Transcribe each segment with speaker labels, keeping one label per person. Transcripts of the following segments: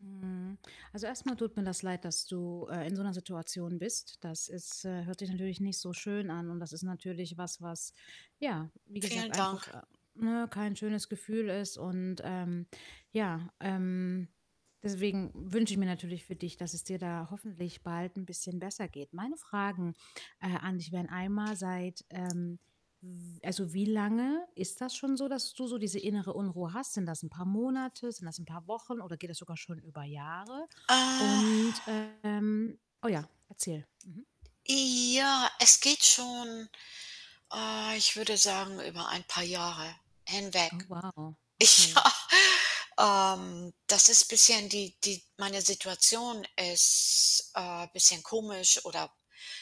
Speaker 1: Mhm. Also, erst mal tut mir das leid, dass du, äh, in so 'ner Situation bist. Das ist, äh hört sich natürlich nicht so schön an. Und das ist natürlich was, was ja, wie gesagt,
Speaker 2: Vielen
Speaker 1: einfach,
Speaker 2: Dank.
Speaker 1: äh, ne, kein schönes Gefühl ist. Und, ähm, ja ähm, deswegen wünsche ich mir natürlich für dich, dass es dir da hoffentlich bald 'n bisschen besser geht. Meine Fragen, äh, an dich wären einmal: Seit, ähm, w also, wie lange ist das schon so, dass du so diese innere Unruhe hast? Sind das 'n paar Monate? Sind das 'n paar Wochen oder geht das sogar schon über Jahre?
Speaker 2: Äh.
Speaker 1: Und, ähm oh ja, erzähl. Mhm.
Speaker 2: Äh, ja. Es geht schon, ah, ich würde sagen, über ein paar Jahre hinweg.
Speaker 1: Oh, wow, okay.
Speaker 2: Ja. Ähm, das ist bisschen, die die meine Situation ist, äh, bisschen komisch oder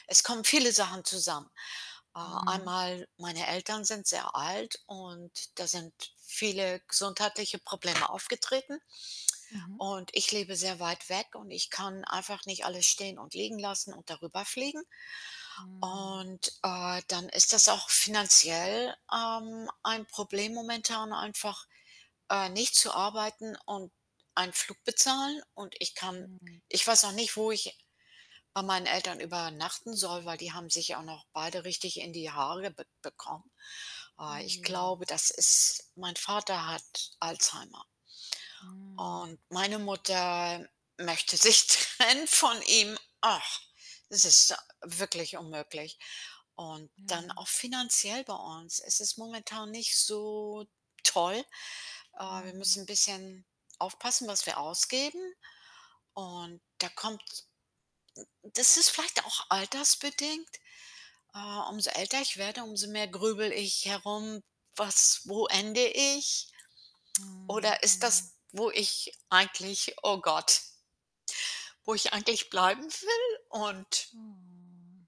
Speaker 2: es kommen viele Sachen zusammen. Äh,
Speaker 1: Mhm.
Speaker 2: einmal, meine Eltern sind sehr alt und da sind viele gesundheitliche Probleme aufgetreten.
Speaker 1: Mhm.
Speaker 2: Und ich lebe sehr weit weg und ich kann einfach nicht alles stehen und liegen lassen und da rüber fliegen.
Speaker 1: Mhm.
Speaker 2: Und, äh, dann ist das auch finanziell, ähm, ein Problem momentan einfach, äh, nicht zu arbeiten und einen Flug bezahlen. Und ich kann
Speaker 1: Mhm.
Speaker 2: ich weiß noch nicht, wo ich bei meinen Eltern übernachten soll, weil die haben sich auch noch beide richtig in die Haare b bekommen. Äh,
Speaker 1: Oh
Speaker 2: ich
Speaker 1: je.
Speaker 2: glaube, das ist mein Vater hat Alzheimer
Speaker 1: Mhm.
Speaker 2: und meine Mutter möchte sich trennen von ihm. Ach, es ist wirklich unmöglich. Und dann
Speaker 1: Ja.
Speaker 2: auch finanziell bei uns. Es ist momentan nicht so toll. Äh, wir
Speaker 1: Mhm.
Speaker 2: müssen 'n bisschen aufpassen, was wir ausgeben. Und da kommt n n das ist vielleicht auch altersbedingt. Äh, umso älter ich werde, umso mehr grüble ich herum: „Was wo ende ich?“
Speaker 1: Mhm,
Speaker 2: Oder ist
Speaker 1: mhm.
Speaker 2: das, wo ich eigentlich oh Gott wo ich eigentlich bleiben will und
Speaker 1: Oh.